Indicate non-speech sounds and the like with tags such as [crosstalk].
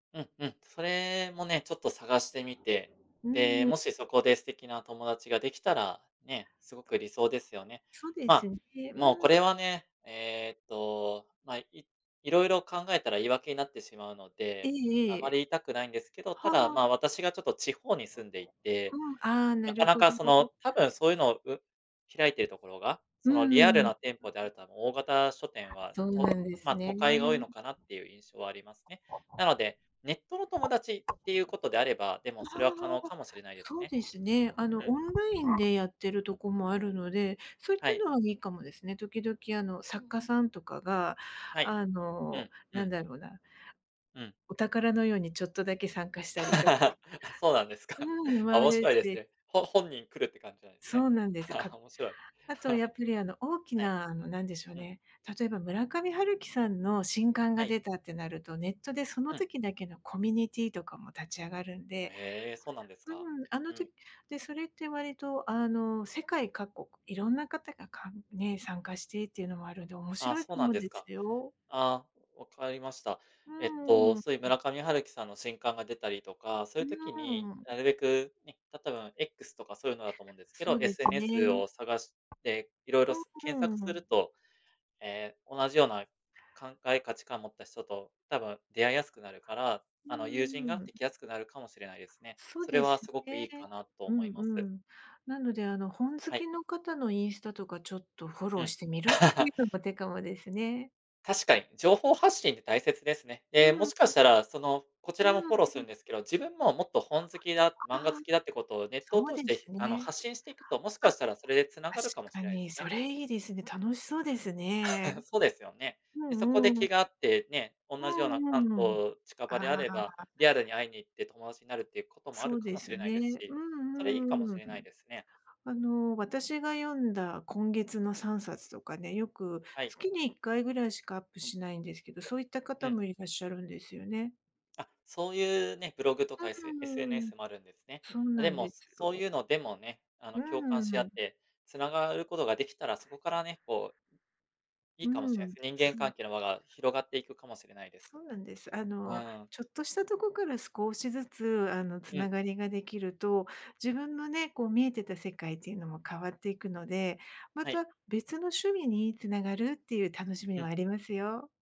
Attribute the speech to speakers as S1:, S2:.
S1: うん、うん、それもね、ちょっと探してみて、
S2: う
S1: で、
S2: ん。
S1: もしそこで素敵な友達ができたら、ね、すごく理想ですよね。
S2: そうです
S1: ま、
S2: ね。
S1: もう
S2: う
S1: こ
S2: ん。
S1: れはね、えっとまあ、い色々考えたら言い訳になってしまうの
S2: ええ
S1: で、あま
S2: え
S1: り
S2: え、
S1: 言いたくないんですけど、た
S2: は
S1: だ、
S2: あ。
S1: ま、私がちょっと地方に住んでいて、
S2: うん、ああ、な
S1: な
S2: る
S1: かな
S2: ほ
S1: かその、
S2: ど。
S1: 多分そういうのをう開いているところが、
S2: う
S1: そのリアル
S2: ん。
S1: な店舗であると大型書店は、
S2: そうな
S1: と
S2: んです
S1: まあ、都
S2: ね。
S1: 会が多いのかなっていう印象はありますね。なので、ネットの友達っていうことであれば、でも
S2: あ
S1: それは可能
S2: あ、
S1: かもしれないです
S2: そう
S1: ね。
S2: ですね。あ
S1: う
S2: の
S1: ん。
S2: オンラインでやってるとこもあるので、そういっ
S1: は
S2: た
S1: い。
S2: のはいいかもですね。時々あの作家さんとかが、
S1: はい、
S2: あ
S1: う
S2: の、
S1: ん、う
S2: なん
S1: ん。
S2: だろうな
S1: うん。
S2: お宝のようにちょっとだけ参加し
S1: [laughs]
S2: たりとか。
S1: あ、そうなんですか。
S2: うん。もあ
S1: 面
S2: る
S1: 白いです
S2: し。
S1: ね。ほ本人来るって感じなんですね。
S2: そうなんです。
S1: [laughs]
S2: か
S1: 面白い。[laughs]
S2: あとやっぱり、あの、大き
S1: はい、
S2: な、あの、なんでしょう
S1: うん。
S2: ね、例えば村上春樹さんの新刊
S1: は
S2: が
S1: い。
S2: 出たってなると、ネットでそ
S1: う
S2: の
S1: ん。
S2: 時だけのコミュニティとかも立ち上がるんで。
S1: へえ、そうなんです
S2: う
S1: か、
S2: ん、あ
S1: う
S2: の
S1: ん。
S2: 時でそれって割とあの世界各国、いろんな方が、かんね、参加してっていうのもあるんで、面
S1: ああ、
S2: 白い
S1: そう
S2: か
S1: なん
S2: も
S1: です
S2: です
S1: か。
S2: よ。
S1: ああ、分かりました。
S2: う
S1: えっと
S2: ん、
S1: そういう
S2: ん。
S1: 村上春樹さんの新刊が出たりとか、そうい
S2: う
S1: う時に、
S2: ー
S1: な
S2: ん。
S1: るべくね、たたとえば X とかそういうのだと思うんですけ
S2: そ
S1: ど、
S2: うです
S1: SNS
S2: ね。
S1: を探して、いろいろす
S2: う
S1: 検
S2: ん、
S1: 索
S2: う
S1: す
S2: ー
S1: る
S2: ん。
S1: と、ええ、同じような、考え価値観を持った人と多分出会いやすくなるから、
S2: うー
S1: あの、友人が
S2: ん。
S1: できやすくなるかもしれないですね。
S2: そう
S1: それ
S2: で
S1: は
S2: す
S1: すごくい
S2: ね。
S1: いかなと
S2: う
S1: 思い
S2: ん
S1: ま
S2: う
S1: す。
S2: ん。なので、あの、本好
S1: はい。
S2: きの方のインスタとかちょっとフォロ
S1: う
S2: ー
S1: ん。
S2: してみるってい
S1: [laughs]
S2: うのも手かもですね。
S1: 確かに、情報発信って大切ですね。
S2: う
S1: ええ、も
S2: ん、
S1: しか
S2: ん。
S1: したらその、こち
S2: う
S1: らも
S2: ん、
S1: フォローす
S2: う
S1: るん
S2: ん。
S1: ですけど、自分ももっと本好きだ、
S2: ん、
S1: 漫画
S2: ああ、
S1: 好きだってことをネットを
S2: そう
S1: 通
S2: で
S1: して
S2: す
S1: あの
S2: ね。
S1: 発信していくと、もしか
S2: あ、
S1: したらそれで繋がるかも
S2: 確
S1: し
S2: か
S1: れないで
S2: に。
S1: す
S2: そ
S1: ね。
S2: れいいですね。楽しそう
S1: う
S2: で
S1: ん。
S2: すね。
S1: [laughs] そうですよね。
S2: う
S1: で、そこ
S2: ん
S1: で
S2: うん。
S1: 気が合って、ね、同
S2: う
S1: じような
S2: んう
S1: 関
S2: んうん、
S1: 東近場であ
S2: あ
S1: れば、
S2: あ。
S1: リアルに会いに行って友達になるっていうことも、あ
S2: そ
S1: る
S2: う
S1: か
S2: で
S1: もし
S2: す
S1: れない
S2: ね。
S1: です
S2: う
S1: し、それいい
S2: ん
S1: かも
S2: うん
S1: し
S2: う
S1: れない
S2: ん。
S1: ですね。
S2: あの、私が読んだ今月の3冊とかね、よく、
S1: はい。
S2: 月に1回ぐらいしかアップしないんですけど、そういった
S1: う
S2: 方
S1: ん。
S2: もいらっしゃるんですよね。
S1: あ、そういうね、ブログとかエ
S2: う
S1: ス
S2: ん、ん、うーん、
S1: SNS もあるんですね。
S2: そうな
S1: で
S2: ん
S1: も、
S2: です
S1: そういう
S2: よ。
S1: のでもね、あ
S2: う
S1: の、
S2: ん
S1: 共感
S2: うん
S1: し
S2: う
S1: 合っ
S2: ん。
S1: て、繋がることができたら、そこからね、こういい
S2: う
S1: かもしれない
S2: ん、
S1: すね、人間
S2: そう。
S1: 関係の輪が広がっていくかもしれないです。
S2: そうなんです。あの、
S1: ああ。
S2: ちょっとしたとこから少しずつあの
S1: う
S2: 繋
S1: ん。
S2: がりができると、自分のね、こう見えてた世界っていうのも変わっていくので、ま
S1: はい。
S2: た別の趣味につながるっていう楽しみ
S1: う
S2: も
S1: ん。
S2: ありますよ。